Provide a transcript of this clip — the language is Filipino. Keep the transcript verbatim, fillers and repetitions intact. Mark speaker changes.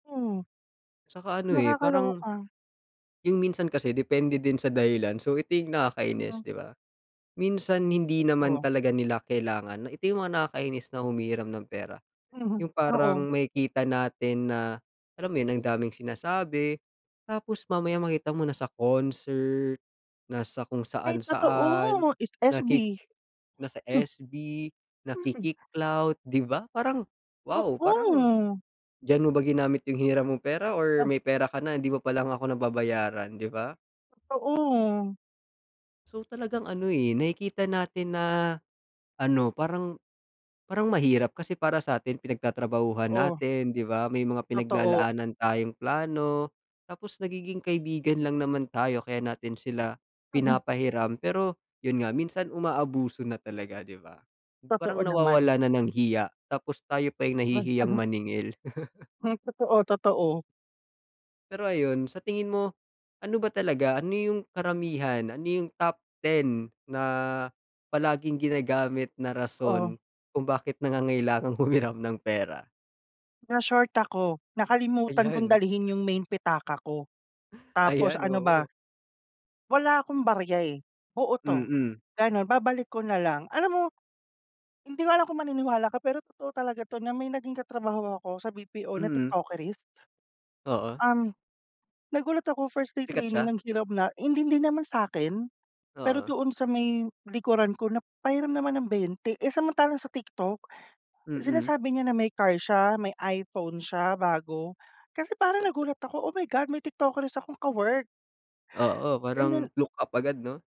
Speaker 1: Oo.
Speaker 2: Tsaka ano, eh, parang,
Speaker 1: Nakakaloka.
Speaker 2: yung minsan kasi depende din sa dahilan. So, ito yung nakakainis,
Speaker 1: Ano.
Speaker 2: 'di ba? Minsan hindi naman
Speaker 1: Oh.
Speaker 2: talaga nila kailangan na ito yung mga nakakainis na humihiram ng pera.
Speaker 1: Mhm,
Speaker 2: Yung
Speaker 1: oo.
Speaker 2: parang makikita natin na alam mo 'yon, ang daming sinasabi. Tapos mamaya makita mo nasa concert, nasa kung
Speaker 1: Ay,
Speaker 2: saan-saan
Speaker 1: totoo, S S-B.
Speaker 2: naki nasa
Speaker 1: Hmm.
Speaker 2: S-B,
Speaker 1: Mhm.
Speaker 2: nakiki-clout, 'di ba? Parang wow, parang
Speaker 1: Oo.
Speaker 2: diyan mo ba ginamit yung hiniram mong pera or
Speaker 1: Ta
Speaker 2: may pera ka na hindi mo pa lang ako nababayaran, 'di ba?
Speaker 1: Totoo.
Speaker 2: So, talagang ano, eh, nakikita natin na ano parang parang mahirap, kasi para sa'tin pinagtatrabahuhan
Speaker 1: Oh.
Speaker 2: natin, 'di ba? May mga
Speaker 1: Totoo.
Speaker 2: pinaglalaanan tayong plano, tapos nagiging kaibigan lang naman tayo kaya natin sila
Speaker 1: Mhm.
Speaker 2: pinapahiram. Pero yun nga minsan, umaabuso na talaga, 'di ba? Parang
Speaker 1: Totoo, naman.
Speaker 2: nawawala na ng hiya, tapos tayo pa yung
Speaker 1: Mad uh
Speaker 2: nahihiyang
Speaker 1: huh.
Speaker 2: maningil.
Speaker 1: Hmm, totoo, totoo.
Speaker 2: Pero ayon, sa tingin mo, ano ba talaga, ano yung karamihan, ano yung top ten na palaging ginagamit na
Speaker 1: Oh.
Speaker 2: rason kung bakit nangangailangang humiram ng pera?
Speaker 1: "Na-short ako. Nakalimutan kong
Speaker 2: Ayan.
Speaker 1: dalhin yung main pitaka ko." Tapos
Speaker 2: Ayan,
Speaker 1: ano ba?
Speaker 2: oo.
Speaker 1: "Wala akong barya, eh. Buo 'to,"
Speaker 2: Mm.
Speaker 1: ganun. "Babalik ko na lang." Alam mo, hindi ko alam kung maniniwala ka pero totoo talaga 'to na may naging katrabaho ako sa B-P-O na
Speaker 2: Mm.
Speaker 1: TikTokerist.
Speaker 2: Oo.
Speaker 1: Um, nagulat ako, first day
Speaker 2: Sikat
Speaker 1: training
Speaker 2: siya?
Speaker 1: nanghiram na. Hindi, hindi naman sa'kin, pero
Speaker 2: Oo.
Speaker 1: doon sa may likuran ko nap pahiram naman ng bente. Eh, samantalang sa TikTok,
Speaker 2: Mm.
Speaker 1: sinasabi niya na may car siya, may iPhone siya bago. Kasi parang nagulat ako. Oh my God, may TikTokerist akong ka-work.
Speaker 2: Oo,
Speaker 1: And
Speaker 2: parang
Speaker 1: then
Speaker 2: look up agad, 'no?